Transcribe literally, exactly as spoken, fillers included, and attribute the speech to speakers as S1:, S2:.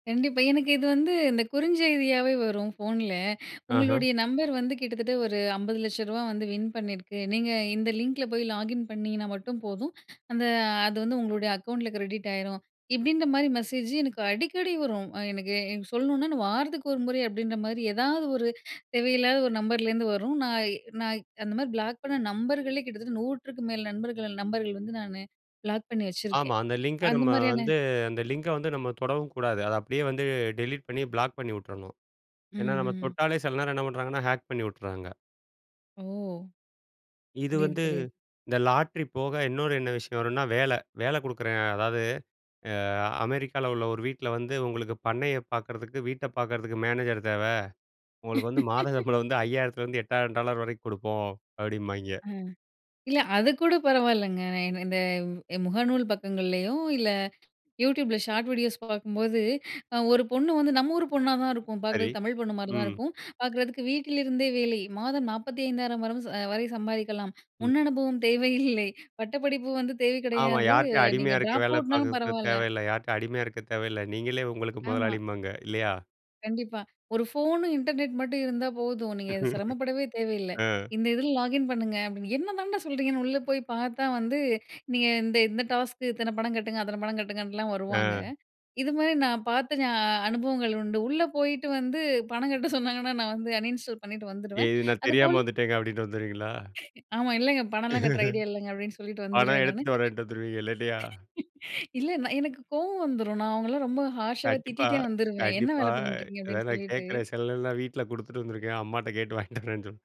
S1: கண்டிப்பா. எனக்கு இது வந்து இந்த குறுஞ்செய்தியாவே வரும் ஃபோன்ல.
S2: அஹ.
S1: உங்களுடைய நம்பர் வந்து கிட்டத்தட்ட ஒரு அம்பது லட்ச ரூவா வந்து வின் பண்ணியிருக்கு. நீங்க இந்த லிங்க்குல லாகின் பண்ணிங்கன்னா மட்டும் போதும். அந்த அது வந்து உங்களுடைய அக்கவுண்ட்டுல கிரெடிட் ஆயிரும். இப்படின்ற மாரி மெசேஜ் எனக்கு அடிக்கடி வரும். ஆ எனக்கு சொல்லணுனா நான் வாரத்துக்கு ஒரு முறை அப்படின்ற மாரி ஏதாவது ஒரு தேவையில்லாத ஒரு நம்பர்லேருந்து வரும். நான் நான் அந்த மாதிரி பிளாக் பண்ண நம்பர்களே கிட்டத்தட்ட நூற்றுக்கு மேல நண்பர்கள் நம்பர்கள் வந்து நானு பிளாக் பண்ணி
S2: ஆமா.
S1: வச்சிருக்கேன்.
S2: அந்த லிங்க
S1: அந்த
S2: நம்ம
S1: மாரியான
S2: வந்து அந்த லிங்க வந்து நம்ம தொடவும் கூடாது. அத அப்படியே வந்து டெலிட் பண்ணி, பிளாக் பண்ணிவிட்டுரணும். ஏன்னா
S1: ம்
S2: நம்ம
S1: ம்.
S2: தொட்டாலே சில நேரம் என்ன பண்ணுறாங்கன்னா, ஹேக் பண்ணிவிட்டுறாங்க.
S1: ஓ!
S2: இது
S1: புரியுது
S2: வந்து
S1: புரியுது.
S2: இந்த லாட்ரி போக இன்னொரு என்ன விஷயம் வரும்னா, வேல. வேல குடுக்குறேன். அதாவது அ அமெரிக்கால உள்ள ஒரு வீட்ல வந்து உங்களுக்கு பண்ணைய பார்க்கறதுக்கு, வீட்ட பார்க்கறதுக்கு மேனேஜர் தேவ. உங்களுக்கு வந்து மாத சம்பளம் வந்து ஐயாயிரத்திலிருந்து எட்டாயிரம் டாலர் வரைக்கும் குடுப்போம், அப்படிம்பாய்ங்க.
S1: ஆ. இல்ல, அதுக்கூட பரவாயில்லங்க. நான் இ இந்த முகநூல் பக்கங்கள்லேயோ, இல்ல Youtubeல ஷார்ட் வீடியோஸ் பார்க்கும்போது, அ ஒரு பொண்ணு வந்து நம்ம ஊரு பொண்ணா தான் இருக்கும்,
S2: சரி.
S1: பார்க்கறதுக்கு தமிழ் பொண்ணு மாரி தான்
S2: ம்.
S1: இருக்கும். பார்க்கறதுக்கு வீட்டிலிருந்தே வேலை. மாதம் நாப்பதி ஐயாயிரம் வரும் வரை சம்பாதிக்கலாம்.
S2: ம்.
S1: முன் அனுபவம் தேவை இல்லை, பட்டப்படிப்பு வந்து தேவை
S2: ஆமா
S1: கிடையாது.
S2: யார்ட்டயும்
S1: நீங்க
S2: அடிமையா இருக்க
S1: டிராப்
S2: வேல
S1: அவுட்னாலும்
S2: பார்க்குறக்கு
S1: பரவாயில்ல.
S2: தேவையில்ல. யார்கிட்டயும் அடிமையா இருக்க தேவையில்ல, நீங்களே உங்களுக்கு
S1: ஆமா.
S2: முதலாளிபாங்க. இல்லையா?
S1: கண்டிப்பா. ஒரு ஃபோனும், இன்டர்நெட்டும் மட்டும் இருந்தா போதும், நீங்க சிரமப்படவே தேவையில்ல.
S2: அ.
S1: இந்த இதில லாகின் பண்ணுங்க அப்படின்னு, என்னதாண்டா சொல்கிறீங்கன்னு உள்ளே போய் பார்த்தா வந்து, நீங்க இந்த இந்த டாஸ்க்கு இத்தன பணம் கட்டுங்க, அத்தன பணம் கட்டுங்கன்லாம் வருவாங்க.
S2: ஆ.
S1: இது மாரி நான் பார்த்து ஞா அனுபவங்கள் உண்டு. உள்ள போயிட்டு வந்து பணம் கட்ட சொன்னாங்கன்னா நான் வந்து அன்இன்ஸ்டால் பண்ணிவிட்டு
S2: எ
S1: வந்துடுவேன்.
S2: சேரி, தெரியாம
S1: அதுபோல
S2: வந்துட்டேங்க அப்படின்னு வந்துருவீங்களா?
S1: ஆமா. இல்லைங்க பணம்லாம் கட்டுற ஐடியா இல்லங்க அப்படின்னு சொல்லிட்டு
S2: பணம்
S1: வந்துருவேன் நானு.
S2: எடுத்துட்டு வரேன்ட்டு வந்துருவீங்க இல்லலையா?
S1: இல்ல நான் எனக்கு கோவம் வந்துடும் நான் அவங்களலாம் ரொம்ப ஹார்ஷாவே
S2: கண்டிப்பா,
S1: திட்டிட்டே வந்துருவேன், என்ன
S2: கண்டிப்பா.
S1: வேல பண்ணிட்டு இருக்கீங்க? அப்படின்னு
S2: ஏதாவது
S1: சொல்லிட்டு.
S2: கேட்குறேன் செல நேரல்லாம் வீட்ல குடுத்துட்டு வந்துருக்கேன், அம்மாகிட்ட கேட்டு வாங்கிட்டு வரேன்னு சொல்லி